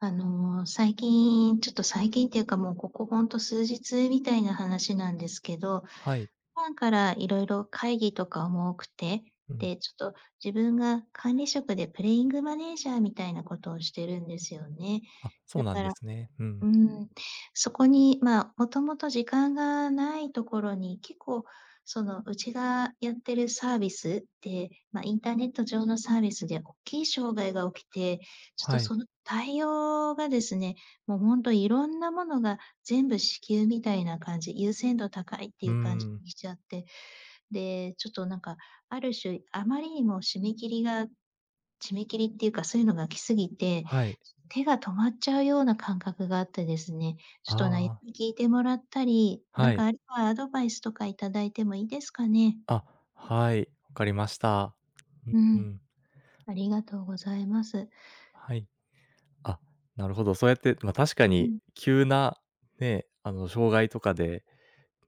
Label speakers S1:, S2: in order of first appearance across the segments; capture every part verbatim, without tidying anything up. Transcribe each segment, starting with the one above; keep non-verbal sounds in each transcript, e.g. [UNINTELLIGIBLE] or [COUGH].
S1: あの、最近、ちょっと最近っていうか、もうここ、ほんと数日みたいな話なんですけど、
S2: はい。
S1: 普段から色々会議とかも多くて、
S2: うん。
S1: で、ちょっと、自分が管理職でプレイングマネージャーみたいなことをしてるんですよね。
S2: あ、そう
S1: だ
S2: なん
S1: か
S2: で
S1: ら
S2: すね。うん。
S1: うーん、そこに、ま、もともと時間が無いところに、結構、その、うちがやってるサービスって、ま、インターネット上のサービスでおっきい障害が起きて、ちょっ
S2: は
S1: と
S2: い。
S1: その対応がですね、もうほんとに色んな物が、全部至急みたいな感じ優先度高いって
S2: う
S1: い
S2: ー
S1: う感じ
S2: ん。
S1: にちゃって、で、ちょっと、なんか、ある種、あまりにも締め切りが締め切りっていうか、そういうのが来過ぎて、
S2: はい。
S1: 手が止まっちゃうような感覚があってですね。
S2: あ
S1: ちょっと悩
S2: あ。
S1: み聞いてもらったり、な
S2: は
S1: んか、
S2: い。
S1: あるいはアドバイスとか頂いてもいいですかね？
S2: あ、はい、分かりました。
S1: う
S2: ん、う
S1: ん。
S2: ん。
S1: ありがとうございます。
S2: はい。あ、なるほど。そうやって、ま、確か
S1: う
S2: に、
S1: ん。
S2: 急な、ねえ、あの障害とかで、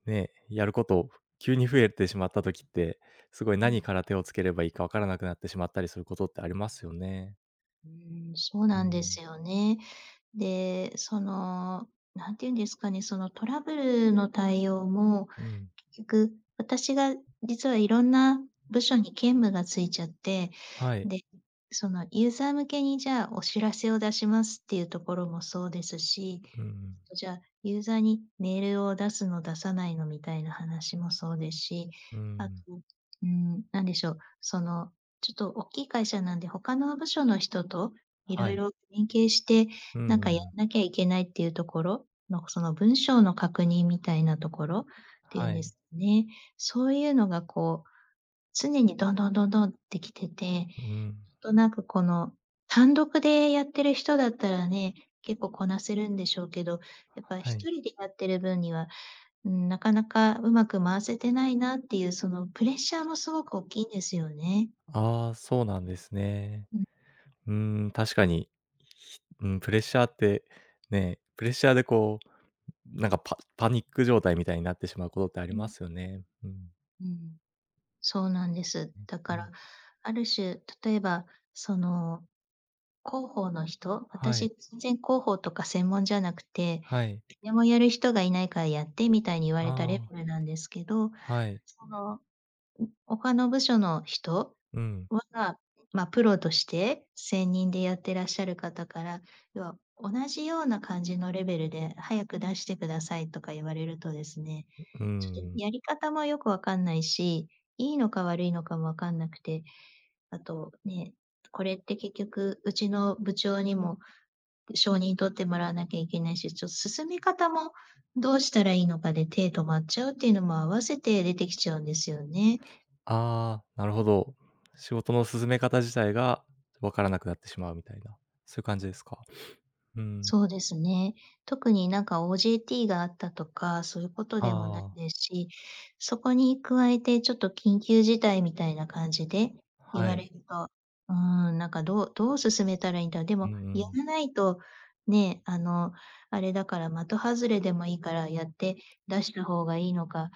S2: ね、やる事、急に増えてしまった時って、すごい
S1: うん。
S2: 何から手を付けていいか、分からなくなってしまったりすることってありますよね。
S1: うーん、そう
S2: う
S1: なんで
S2: ん。
S1: すよね。で、その、なんて言うんですかね、そのトラブルの対応も、
S2: うん。
S1: 結局、私が実は色んな部署に兼務がついちゃって、
S2: はい。
S1: で、そのユーザー向けにじゃあ、お知らせを出しますっていうところもそうですし、え
S2: うん。
S1: えと、じゃあ、ユーザーにメールを出すの出さないのみたいな話もそうですし、
S2: う
S1: あと、
S2: ん。
S1: うーん、何でしょう、その、ちょっとおっきい会社なんで、他の部署の人と色
S2: はい。
S1: 々連携して、
S2: うん
S1: なん
S2: う
S1: かや
S2: んうん。
S1: んなきゃいけないっていうところの、その文章の確認みたいなところっていう
S2: は
S1: んで
S2: い。
S1: すね。そういうのがこう、常にどんどんどんどんって来てて、ち
S2: う
S1: ょ
S2: ん。
S1: っとなんかこの、単独でやってる人だったらね、結構こなせるんでしょうけど、やっぱ
S2: は
S1: ひ
S2: い。
S1: とりでやってる分には、うーん、なかなかうまく回せてないなっていうそのプレッシャーもすごくおっきいんですよね。
S2: ああ、そうなんですね。
S1: うん。
S2: うーん、確かに、うん、プレッシャーってねプレッシャーでこう、なんかパパニック状態みたいになってしまうことってあ
S1: う
S2: りま
S1: ん。
S2: すよね。うん。
S1: うん。そうなんです。
S2: う
S1: だ
S2: ん
S1: か
S2: うん。
S1: ら、ある種、例えば、その、広報の人
S2: は
S1: 私
S2: い。
S1: 全然広報とか専門じゃなくて、
S2: はい。
S1: 誰もやる人が居ないからやってみたいに言わ
S2: あ
S1: れたレ
S2: あ。
S1: ベルなんですけど、
S2: はい。
S1: その、ん、他の部署の人
S2: うん。
S1: は、ま、プロとして、専任でやってらっしゃる方から、要は同じような感じのレベルで早く出してくださいとか言われるとですね、
S2: ん、う
S1: ちょっと
S2: ん。
S1: やり方もよく分かんないし、いいのか悪いのかも分かんなくて、あとね、これって結局うちの部長にも承認取ってもらわなきゃいけないし、ちょ進め方もどうしたらいいのかで手止まっちゃうっていうのも合わせて出てきちゃうんですよね。
S2: ああ、なるほど。仕事の進め方自体が、分からなくなってしまうみたいな、そういう感じですか。[SNIFFS] うん。
S1: そうですね。特になんか OJT があったとか、そういうこと
S2: あ
S1: でもない
S2: あ。
S1: ですし、そこに加えてちょっと緊急事態みたいな感じで言
S2: は
S1: われ
S2: い。
S1: ると、うーん、なんかどうどう進めたらいいんだろう。で
S2: う
S1: もや
S2: ん。
S1: らないと、ね、あの、あれだから、的外れでもいいからやって出した方がいいのか、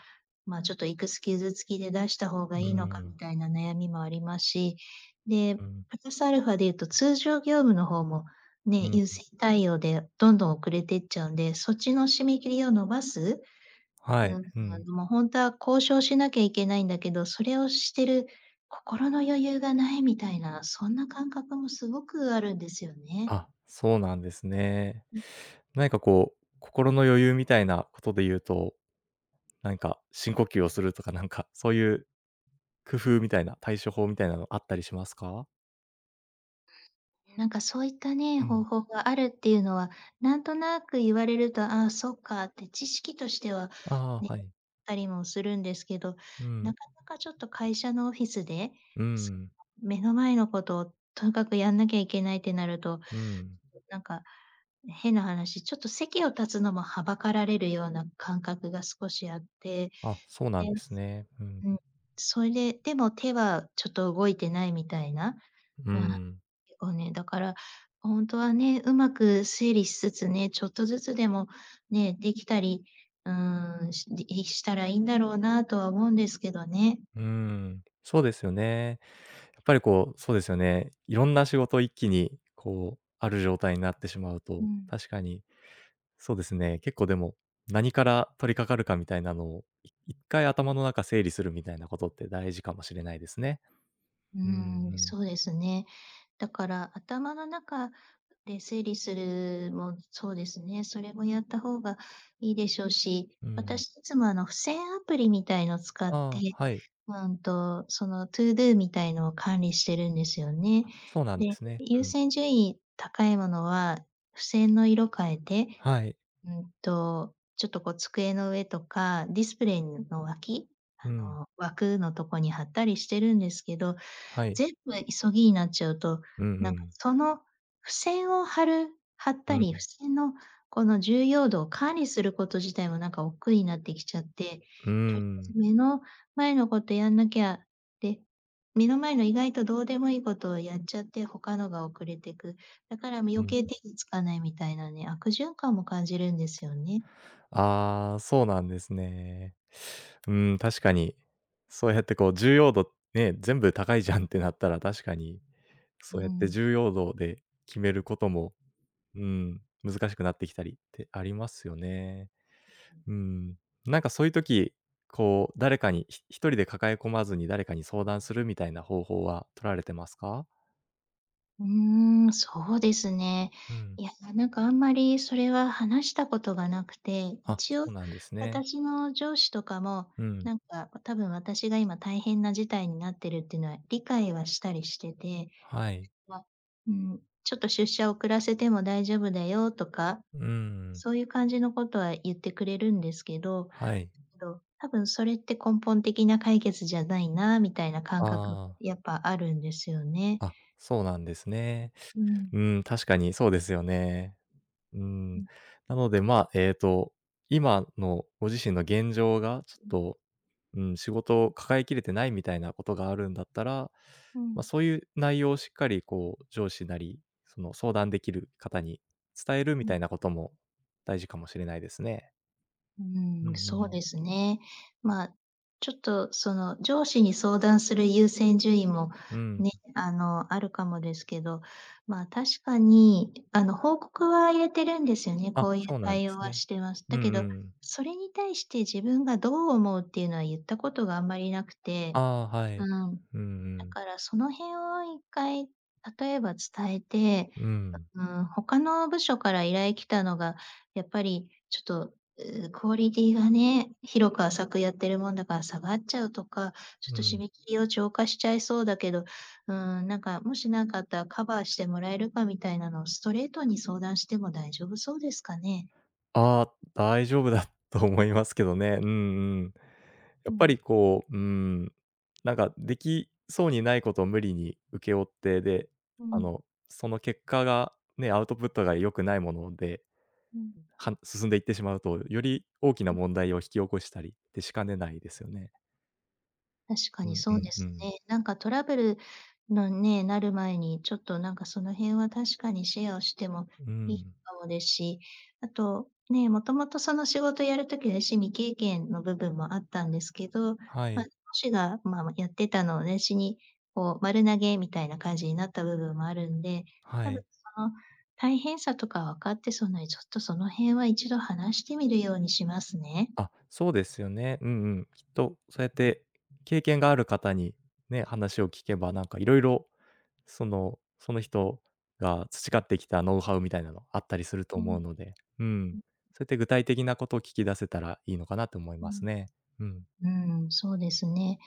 S1: まあ、ちょっといくつ傷つきで出した方が
S2: う
S1: いいのか
S2: ん。
S1: みたいな悩みもありますし、で、
S2: うん。
S1: プラスアルファで言うと、通常業務の方も、
S2: う
S1: ね、
S2: ん。
S1: 優先対応でどんどん遅れてっちゃうんで、そっちの締め切りを伸ばす？
S2: は
S1: う
S2: い。
S1: ーん、
S2: うん。
S1: もうほんとは交渉しなきゃいけないんだけど、それをしてる心の余裕が無いみたいな、そんな感覚もすごくあるんですよね。
S2: あ、そうなんですね。
S1: ん
S2: 何かこう、心の余裕みたいなことで言うと、なんか深呼吸をするとかなんか、そういう、工夫みたいな、対処法みたいなのあったりしますか？
S1: なんかそういったね、
S2: う
S1: 方
S2: ん。
S1: 法があるっていうのはなんとなく言われると、ああそっかって知識としては
S2: あ
S1: ね、
S2: あ、はい。
S1: たりもするんですけど、
S2: うん。
S1: なかなかちょっと会社のオフィスで、
S2: う
S1: す [UNINTELLIGIBLE]
S2: ん。
S1: 目の前のことをとかくやんなきゃいけないってなると、
S2: うん。
S1: なんか変な話ちょっと席を立つのもはばかられるような感覚が少しあって。
S2: あ、そうなん
S1: で
S2: ですね。うん。
S1: うん、それ、でも手はちょっと動いてないみたいな、
S2: う
S1: うん、
S2: ん。
S1: [UNINTELLIGIBLE] ね、だから本当はね、うまく推理しつつね、ちょっとずつでもね、できたり、うーん、しでいしたらいいんだろうなとは思うんですけどね。
S2: うーん、そうですよね。やっぱりこうそうですよね。いろんな仕事を一気にこうある状態になってしまう
S1: う
S2: と、
S1: ん。
S2: 確かにそうですね、結構でも何から取りかかるかみたいなのをい一回頭の中整理するみたいなことって大事かもしれないですね。
S1: う
S2: うんう
S1: ーん
S2: ん。
S1: そうですね。だから頭の中で整理するもそうですね、それもやった方がいいでしょうし、
S2: うん。
S1: 私いつもあの付箋アプリみたいの使って、
S2: ああ、はい。
S1: うんとそのとぅどぅみたいのを管理してるんですよね。
S2: あ、そうなんで
S1: で、
S2: すね。う
S1: 優
S2: ん。
S1: 先順位高いものは、付箋の色変えて、
S2: はい。
S1: うんと、ちょっとこう机の上とかディスプレイの脇、
S2: う
S1: あ
S2: ん。
S1: の枠のとこに貼ったりしてるんですけど。
S2: はい。
S1: 全部急ぎになっちゃうと、
S2: うん
S1: なん
S2: う
S1: か
S2: ん。
S1: その付箋を貼る貼っ
S2: う
S1: たり、付
S2: ん。
S1: 箋のこの重要度を管理すること自体もなんか億劫になってきちゃって、
S2: う
S1: と [UNINTELLIGIBLE] ず
S2: ん。
S1: 目の前のことやんなきゃって、目の前の意外とどうでもいいことをやっちゃって、他のが遅れてく。だからも
S2: う
S1: 余
S2: ん。
S1: 計手につかないみたいなね、悪循環も感じるんですよね。
S2: ああ、そうなんですね。うーん、確かにそうやってこう重要度ね、全部高いじゃんってなったら確かに、
S1: う
S2: そうやって
S1: ん。
S2: 重要度で決めることも、うん、難しくなってきたりってありますよね。うん、なんかそういう時、こう誰かに、ひ一人で抱え込まずに誰かに相談するみたいな方法は取られてますか？
S1: うーん、そうですね。
S2: うん。
S1: いや、ななんか、あんまり、それは話した事がなくて、
S2: あ、
S1: 一応、
S2: そうなんですね。
S1: 私の上司とかも、
S2: うん。
S1: なんか、わ多分私が、今大変な事態になってるってのは理解はしたりしてて、
S2: はい。
S1: ま、うーん、ちょっと出社を遅らせても大丈夫だよとか、
S2: うん。
S1: そう言う感じの事は言ってくれるんですけど、
S2: はい。
S1: んと、多分それって根本的な解決じゃないな、みたいな感
S2: あ
S1: 覚
S2: あ。
S1: やっぱ、あるんですよね。
S2: あ、そうなんですね。
S1: うー
S2: う
S1: ん。
S2: ーん、確かにそうですよね。うーん、
S1: [UNINTELLIGIBLE]
S2: なので、まあ、えっと、今のご自身の現状が、ちょっ
S1: [UNINTELLIGIBLE]
S2: と、うん、仕事を抱えきれてないみたいな事があるんだったら、
S1: う
S2: ま、
S1: ん。
S2: そういう内容をしっかり、こう上司なり、その相談出来る方に伝えるみ
S1: う
S2: た
S1: ん。
S2: いな事も大事かもしれないですね。
S1: う
S2: う
S1: ー
S2: ん
S1: ん、
S2: う
S1: そう
S2: ん。
S1: ですね。ま、ちょっと、その上司に相談する優先順位も
S2: うん。
S1: ね、あのあるかもですけど、ま、確かに、あの報告は入れてるんですよね、
S2: あ、
S1: こう言う
S2: そうなん
S1: 対応
S2: す
S1: は
S2: ね。
S1: してます。
S2: う
S1: だけ
S2: ん
S1: ど、
S2: うん。
S1: それに対して、自分がどう思うって言うのは言った事があんまりなくて。
S2: ああ、は
S1: う
S2: い。
S1: ん。
S2: うんう
S1: だ
S2: ん。
S1: から、その辺を一回、例えば伝えて、
S2: うん。
S1: うーん、他の部署から依頼来たのが、やっぱり、ちょっと、うクオリティがね、広く浅くやってるもんだから、下がっちゃうとか、ちょっ
S2: う
S1: と締
S2: ん。
S1: め切りを超過しちゃいそうだけど、うーん、なんか、もしなんかあったら、カバーしてもらえるかみたいなのをストレートに相談しても大丈夫そうですかね？
S2: ああ、大丈夫だと思いますけどね。うんうん。や
S1: う
S2: っぱ
S1: ん。
S2: りこう、うーん、なんか出来そうにない事を無理に請け負って、で、
S1: う
S2: あ
S1: ん。
S2: の、その結果がね、アウトプットが良くないもので、
S1: うん。
S2: はん進んでいってしまうと、より大きな
S1: [UNINTELLIGIBLE]
S2: 問題を引き起こしたりってしかねないですよね。
S1: 確か
S2: う
S1: に
S2: ん、う
S1: そう
S2: ん、
S1: で
S2: う
S1: す
S2: ん。
S1: ね。なんかトラブルのね、なる前にちょっとなんかその辺は確かにシェアをしても
S2: う
S1: いい
S2: ん。
S1: かもで、し、あとね、もともとその仕事やる時あたし未経験の部分もあったんですけど、
S2: は
S1: ま、上
S2: い。
S1: 司が、ままやってたのをあたしにこう丸投げみたいな感じになった部分もあるんで、
S2: は
S1: 多
S2: い。
S1: 分その大変さとか分かってそうならちょっとその辺は一度話してみるようにしますね。
S2: あ、そうですよね。うん、うん。きっとそやって経験がある方にね、話を聞けばなんかいろいろその、その人が培ってきたノウハウみたいなのあったりすると
S1: う
S2: 思
S1: ん。
S2: うので、うん、
S1: ん。
S2: そいって具体的なこと聞き出せたらいいのかなと思い
S1: う
S2: ま
S1: ん。
S2: すね。うん。
S1: うん、そうですね。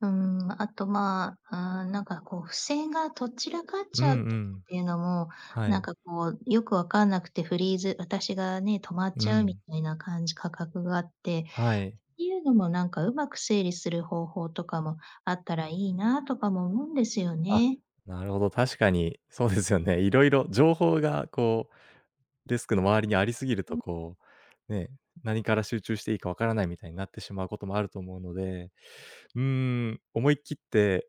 S1: うーん、あとまあ、ああ、なんかこう付箋がとっ散らかっ
S2: う
S1: ちゃうっ
S2: んう
S1: て
S2: ん。
S1: いうのも、
S2: は
S1: なん
S2: い。
S1: かこうよく分かんなくてフリーズ私がね、止まっ
S2: う
S1: ちゃうみ
S2: ん。
S1: たいな感じかかくがあって
S2: はい。
S1: いうのもなんかうまく整理する方法とかもあったらいいなとかも思うんですよ
S2: あ、
S1: ね。
S2: なるほど、確かにそうですよね。いろいろ情報がこうデスクの周りにありすぎると
S1: ん。
S2: こう、ね、何から集中していいかわからない、みたいになってしまうこともあると思うので、うーん、思い切って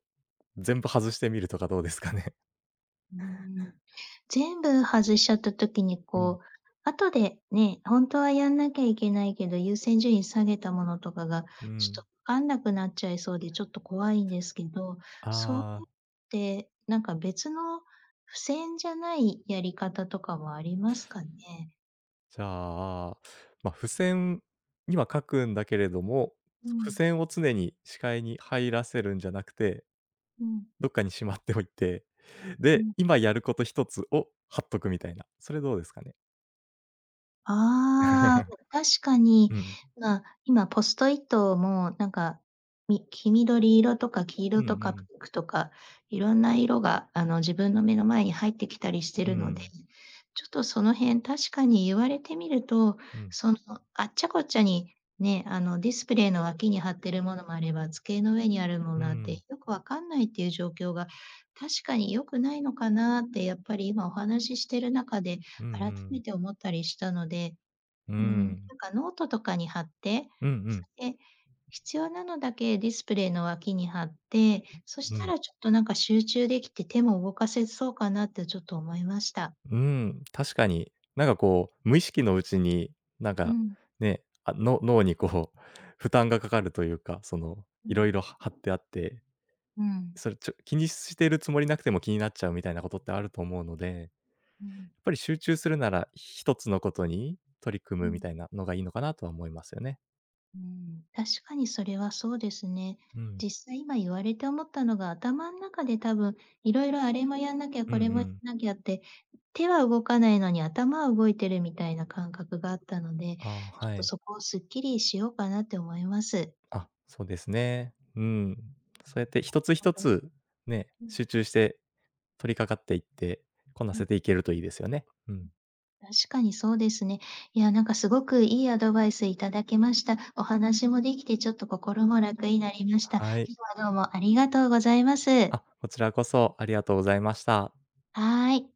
S2: 全部外してみるとかどうですかね？
S1: うーん、全部外しちゃった時に
S2: うん。
S1: こう、後でね、ほんとはやんなきゃいけないけど、優先順位下げたものとかが
S2: う
S1: ちょと
S2: ん。
S1: 分かんなくなっちゃいそうで、ちょっと怖いんですけど、そう
S2: あ
S1: っ
S2: あ。
S1: てなんか別の、付箋じゃないやり方とかもありますかね？
S2: じゃあ、ま、付箋には書くんだけれども、
S1: う
S2: 付
S1: ん。
S2: 箋を常に視界に入らせるんじゃなくて、
S1: うん。
S2: どっかにしまっておいて、
S1: う
S2: で、
S1: ん。
S2: 今やることひとつを貼っとくみたいな。それどうですかね？
S1: ああ。ん
S2: [LAUGHS]
S1: 確か
S2: う
S1: に、
S2: ん。
S1: まあ、今ポストイットも、なんか、み黄緑色とか黄
S2: う
S1: 色
S2: んう
S1: とか
S2: ん。
S1: ピンクとか、色んな色があの、自分の目の前に入ってきたりして
S2: う
S1: るので、
S2: ん。
S1: ちょっとその辺、確かに言われてみると、
S2: うん。
S1: その、あっちゃこっちゃにね、あの、ディスプレイの脇に貼ってるものもあれば、机の上にあるも
S2: う
S1: のあって、
S2: ん。
S1: よく分かんないっていう状況が、確かに良くないのかなって、やっぱり今お話ししてる中で
S2: うんう
S1: 改
S2: ん。
S1: めて思ったりしたので。
S2: う
S1: うーん、な
S2: ん。
S1: んかノートとかに貼って、
S2: うんう
S1: そ
S2: ん。
S1: れで、必要なのだけディスプレイの脇に貼って、そし
S2: う
S1: た
S2: ん。
S1: らちょっとなんか集中出来て手も動かせそうかなってちょっと思いました。
S2: うん、確かに。なんかこう、無意識のうちに、なん
S1: う
S2: か、
S1: ん。
S2: ね、あ、の脳にこう負担がかかるというか、その、
S1: う
S2: 色
S1: ん。
S2: 々は貼ってあって。
S1: うん。
S2: それ、ちょ気にしているつもりなくても気になっちゃうみたいなことってあると思うので。やっ
S1: うん。
S2: ぱり集中するなら、ひとつのことに取り組
S1: う
S2: む、み
S1: ん。
S2: たいなのがいいのかなとは思いますよね。
S1: うん、確かにそれはそうですね。
S2: うん。
S1: 実際今言われて思ったのが、頭ん中で多分、色々あれもやんなきゃ
S2: うんう
S1: これもや
S2: ん。
S1: んなきゃって、手は動かないのに頭は動いてるみたいな感覚があったので、ち
S2: あ、
S1: ょっ
S2: は
S1: と
S2: い。
S1: そこをスッキリしようかなて思います。
S2: あ、そうですね。うん。そうやって一つ
S1: ほん
S2: 一
S1: と
S2: つね、
S1: うん。
S2: 集中して取りかかっていって、こな
S1: う
S2: せ
S1: ん。
S2: ていけるといいですよね。うん。
S1: 確かにそうですね。いやなんか、すごくいいアドバイスいただけました。お話も出来てちょっと心も楽になりました。
S2: はい。
S1: 今日はどうもありがとうございます。
S2: あ、こちらこそ、ありがとうございました。
S1: はい。